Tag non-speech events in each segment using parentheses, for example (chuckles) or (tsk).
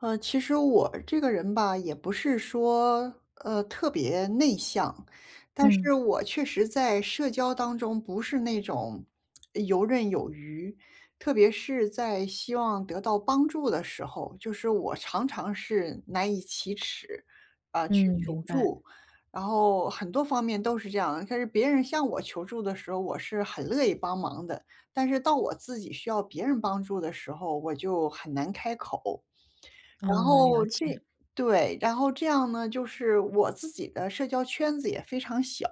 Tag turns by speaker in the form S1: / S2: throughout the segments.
S1: 呃，其实我这个人吧，也不是说，呃，特别内向。但
S2: 嗯。
S1: 是我确实在社交当中不是那种 (smacks lips) 游刃有余。特别是在希望得到帮助的时候，就是我常常是难以启齿，呃，去
S2: 嗯，
S1: 求
S2: 明白。
S1: 助。然后很多方面都是这样。但是别人向我求助的时候，我是很乐意帮忙的。但是到我自己需要别人帮助的时候，我就很难开口。然
S2: 哦，了
S1: 后这
S2: 解。
S1: 对，然后这样呢，就是我自己的社交圈子也非常小。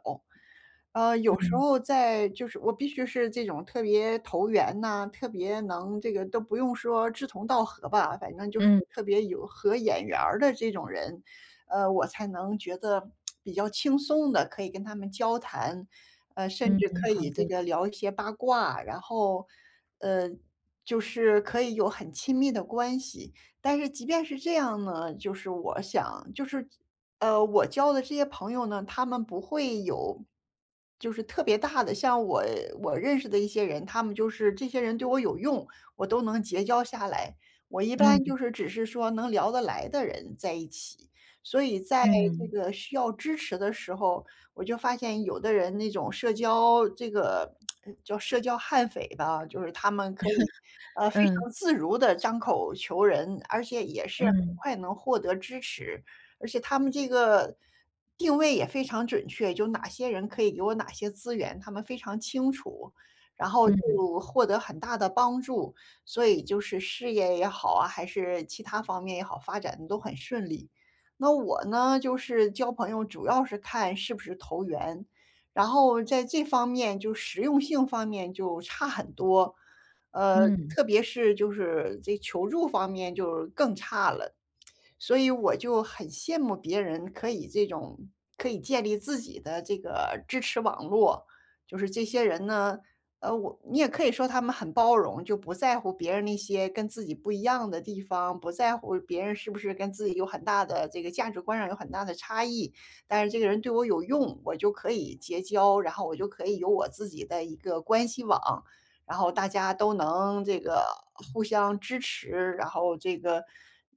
S1: 呃，有时
S2: 嗯。
S1: 候在就是我必须是这种特别投缘呐，特别能这个都不用说志同道合吧，反正就是
S2: 嗯。
S1: 特别有合眼缘儿的这种人，呃，我才能觉得，(tsk) 比较轻松地可以跟他们交谈，呃，甚
S2: 嗯，
S1: 至可
S2: 好
S1: 以这
S2: 的。
S1: 个聊一些八卦，然后，呃，就是可以有很亲密的关系。但是即便是这样呢，就是我想就是呃，我交的这些朋友呢，他们不会有就是特别大的。像我我认识的一些人，他们就是这些人对我有用，我都能结交下来。我一般
S2: 嗯。
S1: 就是只是说能聊得来的人在一起，所以在这
S2: 嗯。
S1: 个需要支持的时候，我就发现有的人那种社交这个 (tsk) 叫社交悍匪吧，就是他们可以，
S2: (chuckles)
S1: 呃，非
S2: 嗯。
S1: 常自如地张口求人，而且也是很
S2: 嗯。
S1: 快能获得支持。而且他们这个定位也非常准确，就有哪些人可以给我哪些资源，他们非常清楚，然后就
S2: 嗯。
S1: 获得很大的帮助。所以就是事业也好啊，还是其它方面也好，发展得都很顺利。那我呢，就是交朋友主要是看是不是投缘，然后在这方面就实用性方面就差很多，呃，
S2: 嗯。
S1: 特别是就是这求助方面就更差了。(tsk) 所以我就很羡慕别人可以这种可以建立自己的这个支持网络。就是这些人呢，呃，我你也可以说他们很包容，就不在乎别人那些跟自己不一样的地方，不在乎别人是不是跟自己有很大的这个价值观上有很大的差异，但是这个人对我有用，我就可以结交，然后我就可以有我自己的一个关系网，然后大家都能这个互相支持，然后这个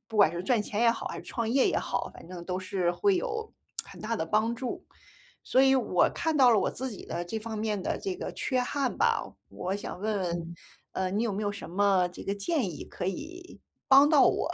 S1: 不管是赚钱也好，还是创业也好，反正都是会有 (tsk) 很大的帮助。所以我看到了我自己的这方面的这个缺憾吧，我想问问，
S2: 嗯。
S1: 呃，你有没有什么这个建议可以帮到我？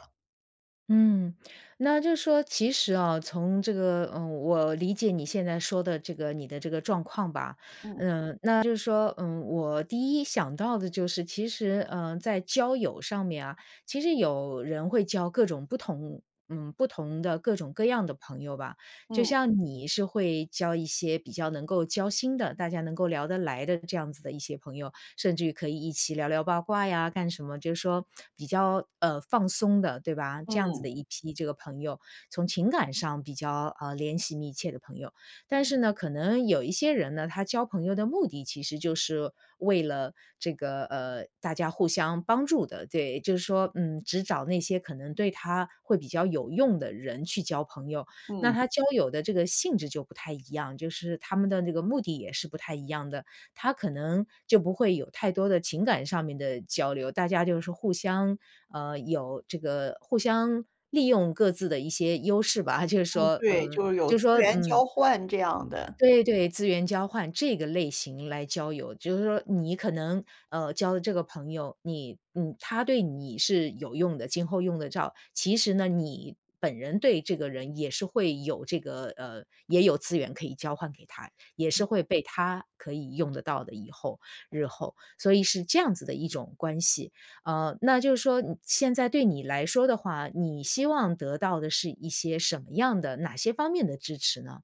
S2: 嗯。那就说其实啊，从这个，嗯，我理解你现在说的这个你的这个状况吧。
S1: 嗯。
S2: 嗯，那就是说，嗯，我第一想到的就是其实，嗯，在交友上面啊，其实有人会交各种不同嗯，不同的各种各样的朋友吧。就
S1: 嗯。
S2: 像你是会交一些比较能够交心的，大家能够聊得来的这样子的一些朋友，甚至于可以一起聊聊八卦呀，干什么，就是说，比较，呃，放松的对吧。这样子的
S1: 嗯。
S2: 一批这个朋友，从情感上比较，呃，联系密切的朋友。但是呢可能有一些人呢，他交朋友的目的其实就是为了这个，呃，大家互相帮助的，对。就是说，嗯，只找那些可能对他会比较有用的人去交朋友。那
S1: 嗯。
S2: 他交友的这个性质就不太一样，就是他们的那个目的也是不太一样的。他可能就不会有太多的情感上面的交流，大家就是互相，嗯，有这个互相利用各自的一些优势吧，(chuckles) 就是
S1: 嗯，
S2: 说
S1: 对，
S2: 嗯，
S1: 就是有
S2: 就
S1: 资
S2: 是说
S1: 源
S2: 嗯。
S1: 交换这样的。
S2: 对对，资源交换，这个类型来交友。就是说你可能，嗯，交的这个朋友你嗯，他对你是有用的，今后用得着。其实呢，你本人对这个人也是会有这个呃，也有资源可以交换给他，也是
S1: 嗯。
S2: 会被他可以用得到的，以后，日后。所以是这样子的一种关系。嗯，那就是说，你现在对你来说的话，你希望得到的是一些什么样的哪些方面的支持呢？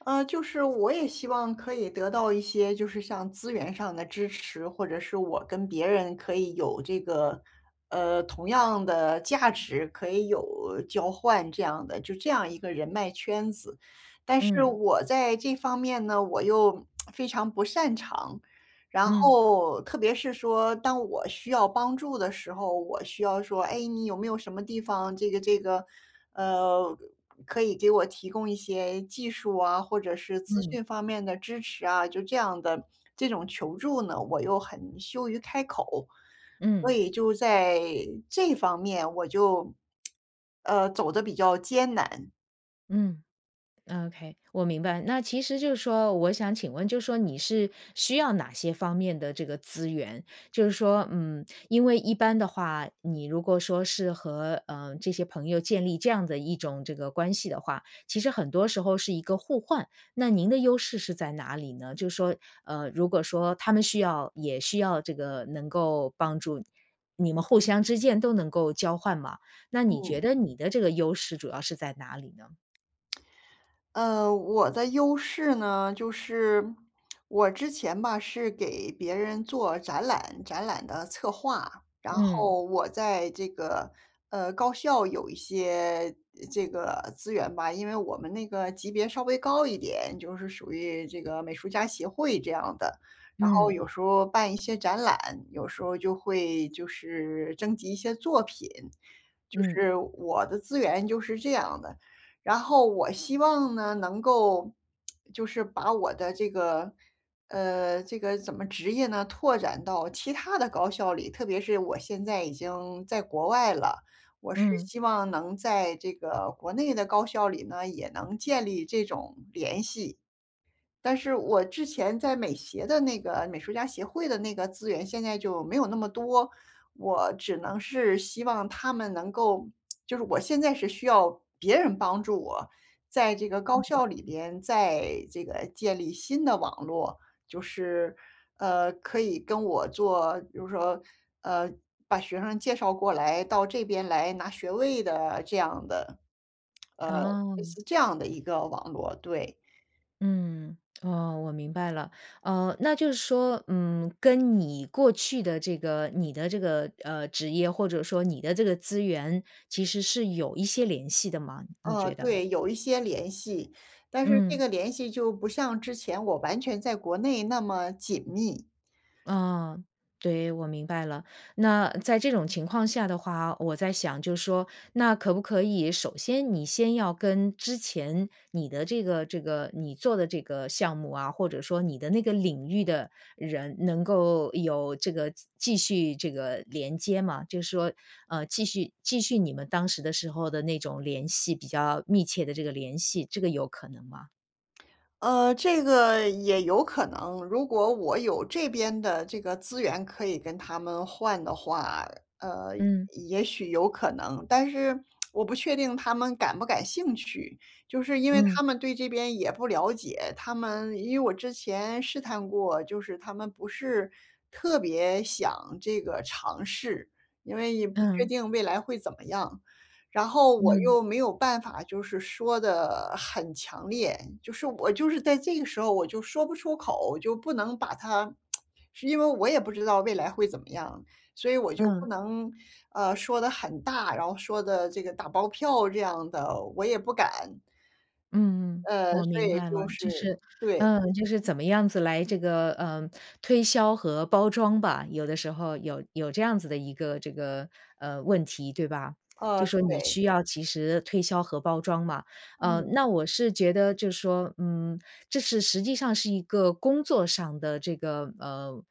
S1: 嗯，就是我也希望可以得到一些就是像资源上的支持，或者是我跟别人可以有这个，呃，同样的价值，可以有交换这样的就这样一个人脉圈子。但是
S2: 嗯。
S1: 我在这方面呢，我又 (tsk) 非常不擅长。然
S2: 嗯。
S1: 后，特别是说当我需要帮助的时候，我需要说：“哎，你有没有什么地方这个这个嗯，可以给我提供一些技术啊，或者是资
S2: 嗯。
S1: 讯方面的支持啊？”就这样的这种求助呢，我又很羞于开口。所
S2: 嗯。
S1: 以就在这方面我就，(tsk) 呃，走得比较艰难。
S2: 嗯，ok，我明白。那其实就是说，我想请问，就说你是需要哪些方面的这个资源？就是说，嗯，因为一般的话，你如果说是和，呃，这些朋友建立这样的一种这个关系的话，其实很多时候是一个互换。那您的优势是在哪里呢？就是说，呃，如果说他们需要也需要这个能够帮助，你们互相之间都能够交换吗？那你
S1: 嗯。
S2: 觉得你的这个优势，主要是在哪里呢？
S1: 呃，我的优势呢，就是我之前吧，是给别人做展览，展览的策划，然
S2: 嗯。
S1: 后我在这个呃，高校有一些这个资源吧。因为我们那个级别稍微高一点，就是属于这个美术家协会这样的。然后
S2: 嗯。
S1: 有时候办一些展览，有时候就会就是征集一些作品，就
S2: 嗯。
S1: 是我的资源就是这样的。然后我希望呢，能够就是把我的这个呃，这个怎么职业呢，拓展到其他的高校里，特别是我现在已经在国外了，我是
S2: 嗯。
S1: 希望能在这个国内的高校里呢，也能建立这种联系。但是我之前在美协的那个美术家协会的那个，资源现在就没有那么多，我只能是希望他们能够，就是我现在是需要别人帮助我，在这个高
S2: 嗯。
S1: 校里边再这个建立新的网络，就是呃，可以跟我做，就是说呃，把学生介绍过来到这边来拿学位的这样的呃，类
S2: 哦。
S1: 似这样的一个网络。对。
S2: 嗯，哦，我明白了。呃，那就是说，嗯，跟你过去的这个你的这个，呃，职业，或者说你的这个资源，其实是有一些联系的吗？你
S1: 呃，
S2: 觉得？
S1: 对。有一些联系，但是这
S2: 嗯。
S1: 个联系就不像之前我完全在国内那么紧密。
S2: 啊，对，我明白了。那在这种情况下的话，我在想就说，那可不可以，首先你先要跟之前你的这个这个，你做的这个项目啊，或者说你的那个领域的人，能够有这个继续这个连接吗？就是说，呃，继续继续你们当时的时候的那种联系，比较密切的这个联系。这个有可能吗？
S1: 呃，这个也有可能。如果我有这边的这个资源可以跟他们换的话，呃，
S2: 嗯。
S1: 也许有可能。但是 (tsk) 我不确定他们感不感兴趣，就是因为
S2: 嗯。
S1: 他们对这边也不了解。他们因为我之前试探过，就是他们不是特别想这个尝试。因为也不确
S2: 嗯。
S1: 定未来会怎么样，然后我
S2: 嗯。
S1: 又没有办法，就是说得很强烈。就是我就是在这个时候我就说不出口，就不能把它 (tsk) 是因为我也不知道未来会怎么样。所以我就不
S2: 嗯。
S1: 能，呃，说得很大，然后说得这个打包票这样的，我也不敢。
S2: 嗯嗯，
S1: 呃，
S2: 我
S1: 所
S2: 明
S1: 以
S2: 白了。
S1: 就是
S2: 就是
S1: 对。
S2: 呃，就是怎么样子来这个，呃，推销和包装吧，有的时候有有这样子的一个这个，呃，问题，对吧？
S1: 呃，
S2: 就说你
S1: 对。
S2: 需要及时推销和包装嘛。呃，
S1: 嗯。
S2: 那我是觉得就说，嗯，这是实际上是一个工作上的这个，呃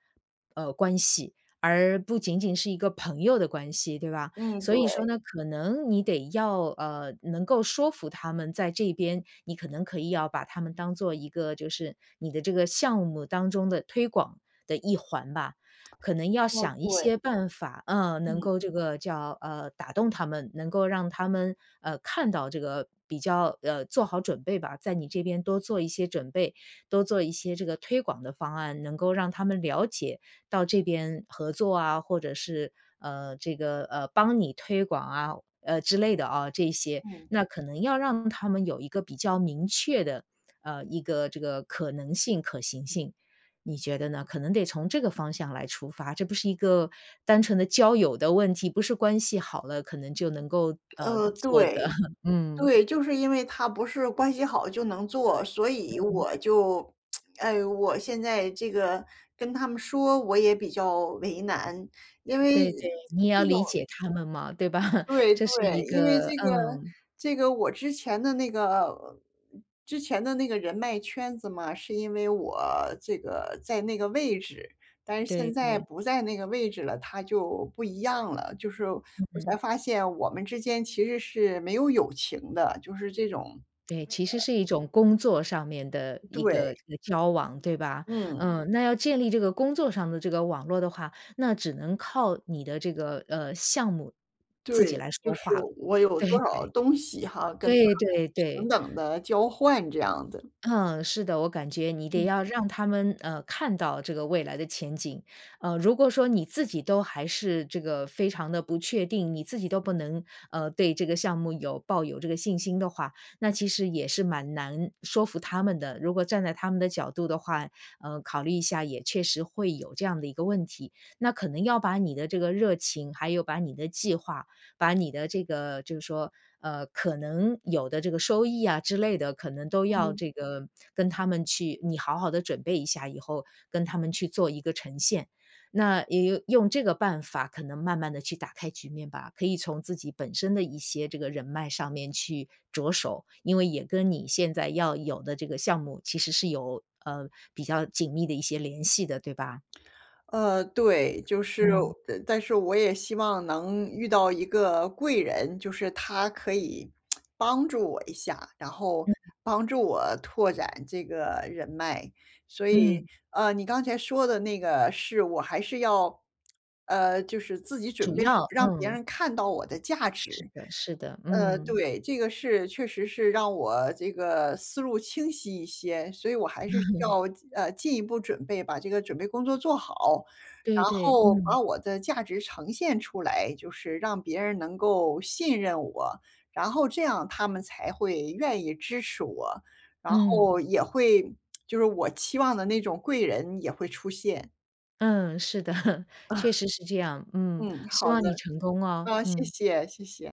S2: 呃，关系，而不仅仅是一个朋友的关系对吧？
S1: 嗯，
S2: 所以说
S1: 对。
S2: 呢，可能你得要，呃，能够说服他们在这边，你可能可以要把他们当做一个就是你的这个项目当中的推广的一环吧，
S1: (tsk)
S2: 可能要
S1: 呃，
S2: 想一
S1: 对。
S2: 些办法，呃，能
S1: 嗯。
S2: 够这个叫，呃，打动他们，能够让他们，呃，看到这个比较呃，做好准备吧。在你这边多做一些准备，多做一些这个推广的方案，能够让他们了解到这边合作啊，或者是，呃，这个，呃，帮你推广啊，呃，之类的哦这一些，
S1: 嗯。
S2: 那可能要让他们有一个比较明确的，呃，一个这个可能性、可行性，你觉得呢？可能得从这个方向来出发，这不是一个单纯的交友的问题，不是关系好了可能就能够，呃，
S1: 呃，
S2: 做
S1: 对，
S2: 的，(chuckles) 嗯。
S1: 对。就是因为他不是关系好就能做，所以
S2: 嗯。
S1: 我就 (tsk) 哎，我现在这个跟他们说，我也比较为难，因为
S2: 对对，你也
S1: 这
S2: 要
S1: 种
S2: 理解他们嘛，对吧？(chuckles)
S1: 对
S2: 这是一
S1: 对。因为
S2: 个
S1: 这个
S2: 嗯。
S1: 这个我之前的那个之前的那个人脉圈子嘛，是因为我这个在那个位置，但是
S2: 对
S1: 现在
S2: 对。
S1: 不在那个位置了，它就不一样了。就是我才
S2: 嗯。
S1: 发现我们之间其实是没有友情的，就是这种 (tsk) 呃。
S2: 对，其实是一种工作上面的一个，
S1: 对。
S2: 呃，交往，对吧？
S1: 嗯。
S2: 嗯，那要建立这个工作上的这个网络的话，那只能靠你的这个，呃，项目自己
S1: 对，
S2: 来
S1: 就
S2: 说
S1: 是
S2: 话了，
S1: 我有
S2: 对
S1: 多少
S2: 对，
S1: 东西哈，跟他们
S2: 对对
S1: 平
S2: 对。
S1: 等地交换这样的。
S2: 嗯，是的。我感觉你得
S1: 嗯。
S2: 要让他们，呃，看到这个未来的前景，呃，如果说你自己都还是这个非常的不确定，你自己都不能，呃，对这个项目有抱有这个信心的话，那其实也是蛮难说服他们的，如果站在他们的角度的话，呃，考虑一下也确实会有这样的一个问题。那可能要把你的这个热情，还有把你的计划，把你的这个就是说，呃，可能有的这个收益啊之类的，可能都要
S1: 嗯。
S2: 这个跟他们去你好好地准备一下，以后跟他们去做一个呈现。那也用这个办法可能慢慢地去打开局面吧，可以从自己本身的一些这个人脉上面去着手。因为也跟你现在要有的这个项目，其实是有，呃，比较紧密的一些联系的，对吧？
S1: 呃，对。就是
S2: 嗯。
S1: 呃，但是我也希望能遇到一个贵人，就是他可以 (tsk) 帮助我一下，然后
S2: 嗯嗯。
S1: 帮助我拓展这个人脉。所以，
S2: 嗯。
S1: 呃，你刚才说的那个是我还是要呃，就是自己准
S2: 主
S1: 备好，
S2: 要
S1: 让别
S2: 嗯。
S1: 人看到我的价
S2: 是
S1: 值。
S2: 的是的，
S1: 呃，
S2: 嗯。
S1: 对，这个是确实是让我这个思路清晰一些，所以我还是需
S2: (chuckles)
S1: 要进呃，进一步准备，把这个准备工作做好，
S2: 对
S1: 然
S2: 对，
S1: 后
S2: 嗯。
S1: 把我的价值呈现出来，就是让别人能够信任我。然后这样他们才会愿意支持我，然
S2: 嗯。
S1: 后也会 (tsk) 就是我期望的那种贵人也会出现。
S2: 嗯，是的。确
S1: (chuckles)
S2: 实是这样。嗯，
S1: 嗯，
S2: 希
S1: 好
S2: 望你
S1: 的。
S2: 成功啊，
S1: 啊，谢
S2: 嗯。
S1: 谢谢谢！